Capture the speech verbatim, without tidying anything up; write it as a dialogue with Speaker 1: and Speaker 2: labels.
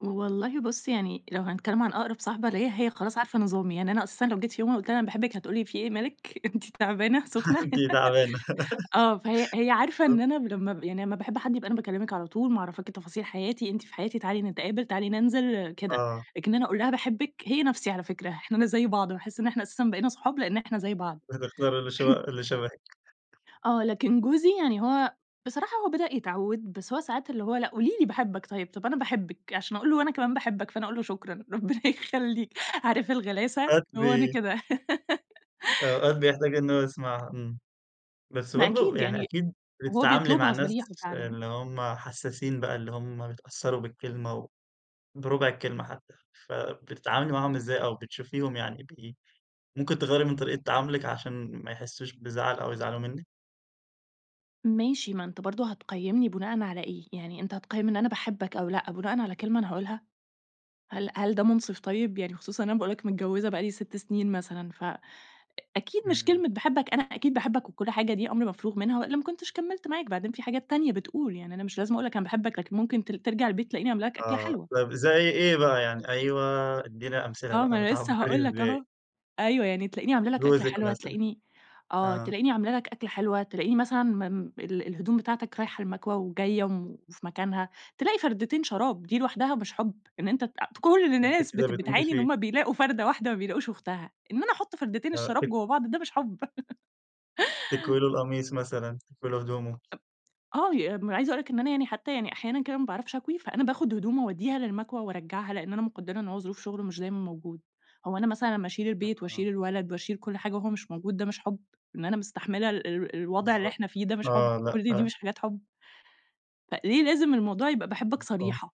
Speaker 1: والله بُص يعني لو هنتكلم عن أقرب صاحبة ليَّ، هي خلاص عارفة نظامي يعني، أنا أساسًا لو جيت يوم وقلت لها أنا باحبِك هتقول لي في إيه، مالِك، أنتِ تعبانة، سخنة؟
Speaker 2: أنتِ تعبانة.
Speaker 1: آه، فهي هي عارفة إن
Speaker 2: بالضبط.
Speaker 1: أنا لما ب يعني ما باحب حد يبقى أنا باكلمِك على طول، معرفاكِ تفاصيل حياتي، أنتِ في حياتي، تعالي نتقابل، تعالي ننزل كده،
Speaker 2: آه.
Speaker 1: لكن أنا أقول لها باحبِك، هي نفسي على فكرة، إحنا أنا زي بعض، باحس إن إحنا أساسًا بقينا صحاب لأن إحنا زي بعض.
Speaker 2: فتختار اللي ش اللي شبهِك.
Speaker 1: آه، لكن جوزي يعني هو بصراحة هو بدأ يتعود، بس هو ساعات اللي هو لأ قولي لي باحبك طيب، طب أنا باحبِك، عشان أقول له أنا كمان باحبك، فأنا أقول له شكرًا ربنا يخليك، عارف الغلاسة،
Speaker 2: أوقات
Speaker 1: هو أنا
Speaker 2: ب
Speaker 1: كده.
Speaker 2: أوقات بيحتاج إن هو يسمعها، امم بس
Speaker 1: ما
Speaker 2: برضه
Speaker 1: أكيد
Speaker 2: يعني
Speaker 1: يعني
Speaker 2: أكيد
Speaker 1: هو
Speaker 2: بتتعاملي مع
Speaker 1: بيطلبها
Speaker 2: الناس
Speaker 1: صريحة فعلًا.
Speaker 2: اللي هُم حساسين بقى، اللي هُم بيتأثروا بالكلمة وبربع الكلمة حتى، فبتتعاملي معاهم إزاي؟ أو بتشوفيهم يعني ب ممكن تغيَّري من طريقة تعاملِك عشان ما يحسوش بزعل أو يزعلوا منِّك؟
Speaker 1: ماشي، ما أنت برضه هتقيمني بناءً على إيه، يعني، أنت هتقيم أنا باحبك أو لأ بناءً على كلمة أنا هاقولها، هل هل ده منصف طيب، يعني خصوصًا إن أنا باقول لك متجوزة بقى لي ست سنين مثلًا، فأكيد مش
Speaker 2: إمم.
Speaker 1: كلمة باحبك، أنا أكيد باحبك وكل حاجة، دي أمر مفروغ منها، وإلا ما كنتش كملت معاك، بعدين في حاجات تانية بتقول يعني، أنا مش لازم أقول لك أنا باحبك، لكن ممكن ت ترجع البيت تلاقيني عاملة لك أكلة
Speaker 2: آه
Speaker 1: حلوة.
Speaker 2: طيب زي إيه بقى يعني أيوه ادِّينا أمثلة
Speaker 1: آه ما
Speaker 2: بقى
Speaker 1: أنا لسه
Speaker 2: بتعبري
Speaker 1: هاقول لك
Speaker 2: إزاي؟
Speaker 1: أهو، أيوه يعني تلاقيني عاملة لك أكلة
Speaker 2: جوزِك
Speaker 1: حلوة،
Speaker 2: مثلًا،
Speaker 1: تلاقيني آه،
Speaker 2: آه.
Speaker 1: تلاقيني عاملة لك أكلة حلوة، تلاقيني مثلًا م م ال الهدوم بتاعتك رايحة المكوى وجاية وفي مكانها، تلاقي فردتين شراب دي لوحدها مش حب؟ إن أنت ت كل
Speaker 2: ده أنتِ
Speaker 1: الناس
Speaker 2: كده
Speaker 1: بت
Speaker 2: بتموتي
Speaker 1: بتعاني إن
Speaker 2: فيه.
Speaker 1: هُم بيلاقوا فردة واحدة ما بيلاقوش أختها، إن أنا أحط فردتين
Speaker 2: آه
Speaker 1: الشراب
Speaker 2: تك
Speaker 1: جوا بعض، ده مش حب؟
Speaker 2: تكوي له القميص مثلًا تكوي له هدومه.
Speaker 1: آه، ي م عايزة أقول لك إن أنا يعني حتى يعني أحيانًا كده ما باعرفش أكوي، فأنا باخد هدومه أوديها للمكوى وأرجعها، لإن أنا مقدرة إن هو ظروف شغله مش دايمًا موجود، هو أنا مثلًا لمّا أشيل البيت
Speaker 2: آه.
Speaker 1: وأشيل الولد وأشيل كل حاجة وهو مش موجود، ده مش حب؟ إن أنا مستحملة ال ال الوضع اللي
Speaker 2: بالضبط،
Speaker 1: إحنا فيه، ده مش حب؟
Speaker 2: آه
Speaker 1: كل دي
Speaker 2: لأ.
Speaker 1: مش حاجات حب؟ فليه لازم الموضوع يبقى باحبك
Speaker 2: امم، آه.
Speaker 1: صريحة.